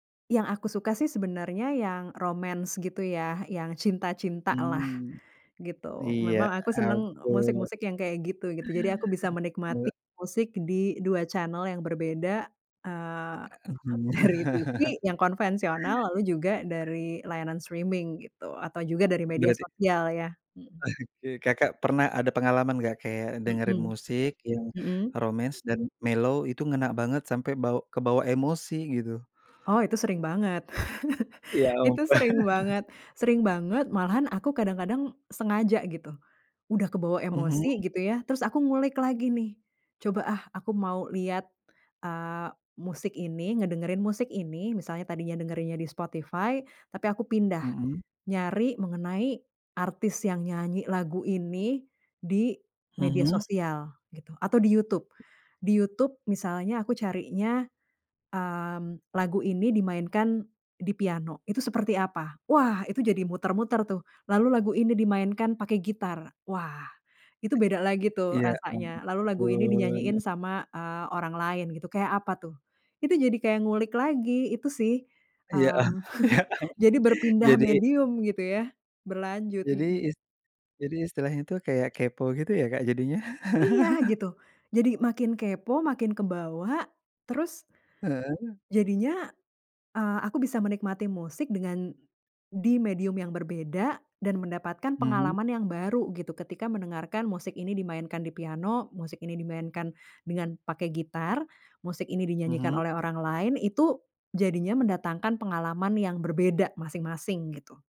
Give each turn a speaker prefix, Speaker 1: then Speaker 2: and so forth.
Speaker 1: Yang aku suka sih, sebenarnya yang romance gitu ya, yang cinta-cinta lah,
Speaker 2: Mmm.
Speaker 1: gitu.
Speaker 2: Ya
Speaker 1: Memang aku seneng e
Speaker 2: ampun.
Speaker 1: musik-musik yang kayak gitu, gitu. Jadi aku bisa menikmati
Speaker 2: He
Speaker 1: musik di 2 channel yang berbeda, eee,
Speaker 2: A
Speaker 1: dari TV yang konvensional, lalu juga dari layanan streaming gitu, atau juga dari media
Speaker 2: Berarti
Speaker 1: sosial ya, mhm.
Speaker 2: oke. Kakak pernah ada pengalaman nggak, kayak dengerin
Speaker 1: Mhm,
Speaker 2: musik yang
Speaker 1: mhm.
Speaker 2: romance dan mellow itu ngena banget sampai bawa kebawa emosi, gitu?
Speaker 1: Oh, itu sering banget
Speaker 2: Ya ampun.
Speaker 1: itu sering banget sering banget, malahan aku kadang-kadang sengaja gitu. Udah kebawa
Speaker 2: Mhm.
Speaker 1: emosi gitu ya, terus aku ngulik lagi nih. Coba, ah, aku mau lihat, eee, musik ini, ngedengerin musik ini, misalnya tadinya dengerinnya di Spotify, tapi aku pindah,
Speaker 2: Mhm.
Speaker 1: nyari mengenai artis yang nyanyi lagu ini, di media
Speaker 2: Mhm.
Speaker 1: sosial gitu, atau di YouTube. Di YouTube misalnya aku carinya, mmm, lagu ini dimainkan di piano itu seperti apa. Wah, itu jadi muter-muter tuh, lalu lagu ini dimainkan pakai gitar. Wah, itu beda lagi tuh
Speaker 2: Ya
Speaker 1: rasanya, lalu lagu ini
Speaker 2: ampun.
Speaker 1: dinyanyiin sama, eee, orang lain gitu, kayak apa tuh. Itu jadi kayak ngulik lagi, itu sih,
Speaker 2: Ya, ah
Speaker 1: mmm,
Speaker 2: ya ampun,
Speaker 1: jadi berpindah
Speaker 2: jadi
Speaker 1: medium gitu ya, berlanjut,
Speaker 2: Jadi,
Speaker 1: mhm.
Speaker 2: is jadi, istilahnya tuh kayak kepo gitu ya, Kak, jadinya.
Speaker 1: Iya, gitu. Jadi makin kepo, makin kebawa, terus
Speaker 2: Heeh.
Speaker 1: jadinya, eee, aku bisa menikmati musik dengan di medium yang berbeda dan mendapatkan
Speaker 2: Mhm.
Speaker 1: pengalaman yang baru gitu, ketika mendengarkan musik ini dimainkan di piano, musik ini dimainkan dengan pakai gitar, musik ini dinyanyikan
Speaker 2: Mhm.
Speaker 1: oleh orang lain, itu jadinya mendatangkan pengalaman yang berbeda masing-masing, gitu.